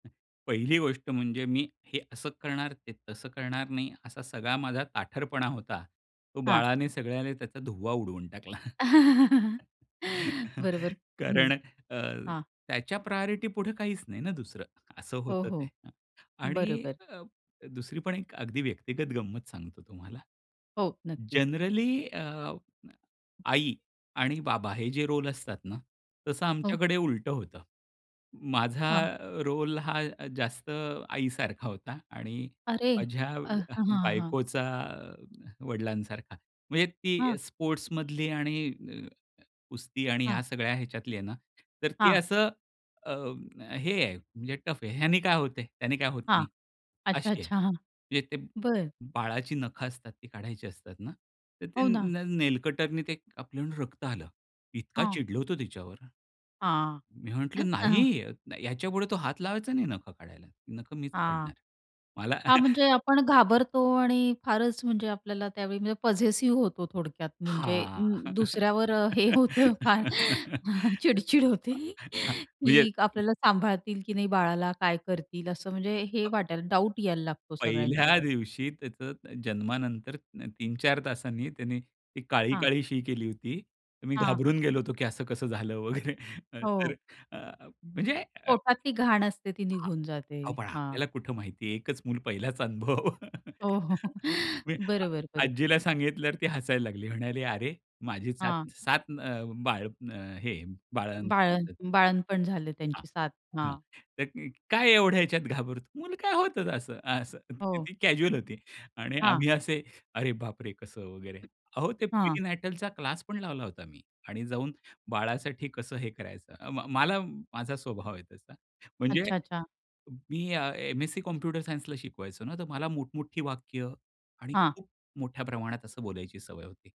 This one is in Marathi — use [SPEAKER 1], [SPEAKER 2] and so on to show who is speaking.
[SPEAKER 1] पहिली गोष्ट म्हणजे मी हे असं करणार ते तसं करणार नाही असा सगळा माझा ताठरपणा होता. तो
[SPEAKER 2] हां.
[SPEAKER 1] बाळाने सगळ्यांनी त्याचा धुव्वा उडवून टाकला.
[SPEAKER 2] बरोबर. हं.
[SPEAKER 1] कारण अ,
[SPEAKER 2] हां.
[SPEAKER 1] त्याच्या प्रायोरिटी पुढे काहीच नाही ना दुसरं. असं
[SPEAKER 2] हो,
[SPEAKER 1] होतं ते.
[SPEAKER 2] हो.
[SPEAKER 1] आणि
[SPEAKER 2] बरोबर.
[SPEAKER 1] अ, दुसरी पण एक अगदी व्यक्तिगत गंमत सांगतो तुम्हाला
[SPEAKER 2] हो, नक्कीच.
[SPEAKER 1] जनरली अ, आई आणि बाबा हे जे रोल असतात ना तसं
[SPEAKER 2] हो.
[SPEAKER 1] आमच्याकडे उलटं होतं. माझा
[SPEAKER 2] हां.
[SPEAKER 1] रोल हा जास्त आई सारखा होता आणि
[SPEAKER 2] अरे!
[SPEAKER 1] माझ्या
[SPEAKER 2] अ, हां, हां.
[SPEAKER 1] बायकोचा वडिलांसारखा. म्हणजे
[SPEAKER 2] हां.
[SPEAKER 1] ती स्पोर्ट्समधली आणि अ, कुस्ती आणि ह्या
[SPEAKER 2] हां.
[SPEAKER 1] सगळ्या ह्याच्यातली आहे ना तर ती
[SPEAKER 2] हां.
[SPEAKER 1] असं हे आहे म्हणजे टफ आहे. ह्याने काय होतंय त्याने काय होत
[SPEAKER 2] हां.
[SPEAKER 1] नाही
[SPEAKER 2] अच्छा,
[SPEAKER 1] अशी आहे.
[SPEAKER 2] अच्छा. हां.
[SPEAKER 1] म्हणजे ते
[SPEAKER 2] बरं.
[SPEAKER 1] बाळाची नखं असतात ती काढायची असतात ना. तर ते
[SPEAKER 2] हो ना.
[SPEAKER 1] न नेलकटरने ते कापून रक्त आलं. इतका
[SPEAKER 2] हां.
[SPEAKER 1] चिडलो होतो तिच्यावर.
[SPEAKER 2] हां.
[SPEAKER 1] मी
[SPEAKER 2] अ,
[SPEAKER 1] म्हंटलं
[SPEAKER 2] हां.
[SPEAKER 1] नाही याच्यापुढे तू हात लावायचा नाही नखं काढायला. नखं मीच
[SPEAKER 2] हां.
[SPEAKER 1] काढणार. मला.
[SPEAKER 2] हां. म्हणजे आपण घाबरतो आणि फारच म्हणजे आपल्याला त्यावेळी म्हणजे पझेसिव्ह होतो थोडक्यात म्हणजे
[SPEAKER 1] हां.
[SPEAKER 2] अं, दुसऱ्यावर हे होतं फार. चिडचिड होते
[SPEAKER 1] म्हणजे
[SPEAKER 2] की आपल्याला सांभाळतील, की नाही बाळाला. काय करतील असं म्हणजे हे वाटायला. डाउट यायला लागतो
[SPEAKER 1] पहिल्या
[SPEAKER 2] सगळ्यांच्यावर.
[SPEAKER 1] दिवशी त्याचं जन्मानंत 3-4 तासांनी त्यांनी ती
[SPEAKER 2] हां.
[SPEAKER 1] काळी-काळी शी केली होती. मी
[SPEAKER 2] हां.
[SPEAKER 1] घाबरून गेलो होतो, की असं कसं झालं वगैरे तर
[SPEAKER 2] हो.
[SPEAKER 1] अ, म्हणजे
[SPEAKER 2] पोटातली घाण असते ती निघून जाते.
[SPEAKER 1] अहो पण
[SPEAKER 2] हां.
[SPEAKER 1] आपल्याला कुठं माहिती आहे. एकच मूल पहिलाच अनुभव.
[SPEAKER 2] हो, हो.
[SPEAKER 1] मी
[SPEAKER 2] बरोबर बरोबर.
[SPEAKER 1] आजीला सांगितल्यावर ती हसायला लागली. म्हणाली अरे माझी
[SPEAKER 2] हां.
[SPEAKER 1] 7-7 अ, बाळं हे बाळंतपण
[SPEAKER 2] बाळ
[SPEAKER 1] होते.
[SPEAKER 2] बाळंतपण झाले
[SPEAKER 1] हा.
[SPEAKER 2] त्यांची 7
[SPEAKER 1] हां.
[SPEAKER 2] हां.
[SPEAKER 1] तर काय एवढ्या ह्याच्यात घाबरतो. मुलं काय होत असं. असं
[SPEAKER 2] हो.
[SPEAKER 1] ती कॅज्युअल होती आणि
[SPEAKER 2] हां.
[SPEAKER 1] आम्ही असे, अरे बाप रे! कसं वगैरे. अहो ते
[SPEAKER 2] हां.
[SPEAKER 1] प्रीनेटलचा क्लास पण लावला होता मी आणि जाऊन बाळासाठी कसं हे करायचं. अं, मला माझा स्वभाव आहे तसा. म्हणजे
[SPEAKER 2] अच्छा, अच्छा.
[SPEAKER 1] मी एम-एस-सी कॉम्प्युटर सायन्स ला शिकवायचो ना तर मला मोठमोठी वाक्य आणि
[SPEAKER 2] हां.
[SPEAKER 1] खूप मोठ्या प्रमाणात असं बोलायची सवय होती.